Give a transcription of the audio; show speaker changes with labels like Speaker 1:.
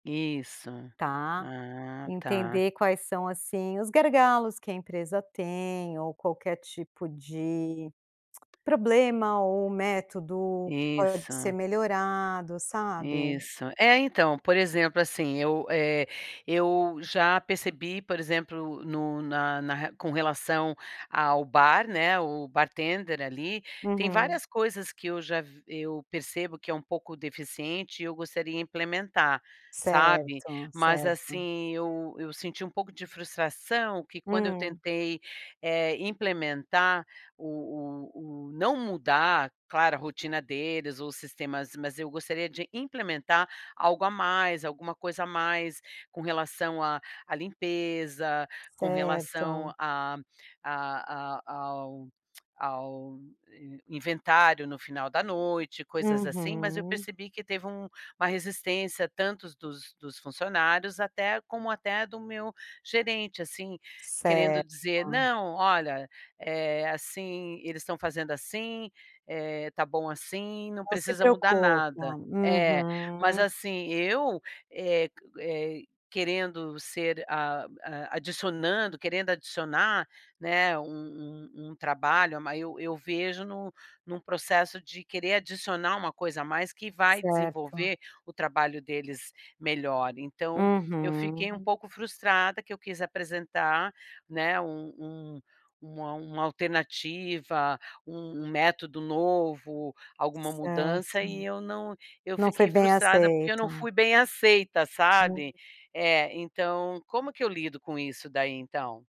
Speaker 1: Isso.
Speaker 2: Tá?
Speaker 1: Ah tá.
Speaker 2: Entender quais são, assim, os gargalos que a empresa tem, ou qualquer tipo de problema, ou método, que pode ser
Speaker 1: Isso.
Speaker 2: melhorado, sabe?
Speaker 1: Isso. É, então, por exemplo, assim, eu, eh, eu já percebi, por exemplo, no na na ra com relação ao bar, né, o bartender ali, tem
Speaker 2: Uhum.
Speaker 1: várias coisas, que eu já v eu percebo, que é um pouco deficiente, e eu gostaria implementar, sabe.
Speaker 2: Certo,
Speaker 1: Mas
Speaker 2: certo.
Speaker 1: assim, eu eu senti um pouco de frustração que quando eu
Speaker 2: Hum.
Speaker 1: tentei, eh, implementar o o o, não mudar, claro, a rotina deles, os sistemas, mas eu gostaria de implementar algo a mais, alguma coisa a mais com relação à à limpeza, com relação
Speaker 2: Certo.
Speaker 1: a a a ao ao inventário no final da noite, coisas assim. Mas eu
Speaker 2: Uhum.
Speaker 1: percebi que, teve um uma resistência tantos dos dos funcionários, até como, até do meu gerente, assim, querendo dizer:
Speaker 2: Certo.
Speaker 1: "Não, olha, eh, assim, eles estão fazendo, assim, eh, tá bom assim, não
Speaker 2: Não se
Speaker 1: precisa mudar
Speaker 2: preocupa,
Speaker 1: nada." É, mas
Speaker 2: uhum.
Speaker 1: assim, eu, eh, qu eh, querendo ser a a adicionando, querendo adicionar, né, um um um trabalho, eu ma eu vejo num num processo, de querer adicionar uma coisa a mais, que vai
Speaker 2: Certo.
Speaker 1: desenvolver o trabalho deles melhor. Então, eu fiquei
Speaker 2: Uhum.
Speaker 1: um pouco frustrada, que eu quis apresentar, né, um um uma uma alternativa, um método novo, alguma
Speaker 2: Certo.
Speaker 1: mudança e eu não eu
Speaker 2: Não foi
Speaker 1: fiquei
Speaker 2: bem
Speaker 1: frustrada, porque eu não
Speaker 2: aceito.
Speaker 1: fui bem aceita, sabe.
Speaker 2: [unintelligible]
Speaker 1: É então, como que eu lido com isso daí então?